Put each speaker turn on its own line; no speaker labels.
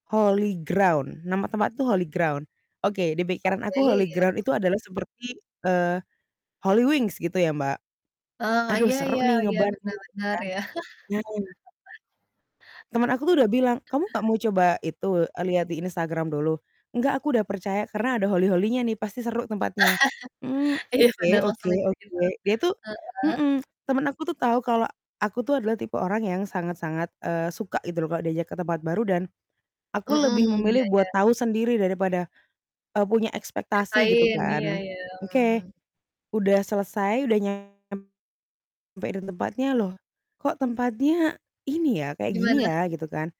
Holy Ground. Nama tempat itu Holy Ground. Oke, di pikiran
Oke,
aku Holy
iya.
Ground itu adalah seperti, eee, Holywings, gitu ya, Mbak.
Eee,
"Aduh,
iya
seru
iya
nih,
iya,
nge-bar nih."
benar
Gitu
benar,
kan.
ya.
Nah Temen aku tuh udah bilang, "Kamu gak mau coba itu, e lihat di Instagram dulu?" "Enggak, aku udah percaya. Karena ada holy-holy-nya nih, pasti seru tempatnya." "Mmm,
Iya,
oke
bener, langsung
oke
mikir
oke." Dia
gitu.
tuh
Heeh?
mhm. Temen aku tuh tahu kalau aku tuh adalah tipe orang yang sangat-sangat, eee, suka gitu loh kalau diajak ke tempat baru dan aku
Mmm,
lebih
iya
memilih buat
iya.
tahu sendiri daripada, eee, punya ekspektasi, gitu
Ceritain, iya
kan.
iya,
Oke,
mmm.
udah selesai, udah nyampe di tempatnya, "Loh, kok tempatnya ini ya, kayak gini
Gimana?
ya?" Gitu kan.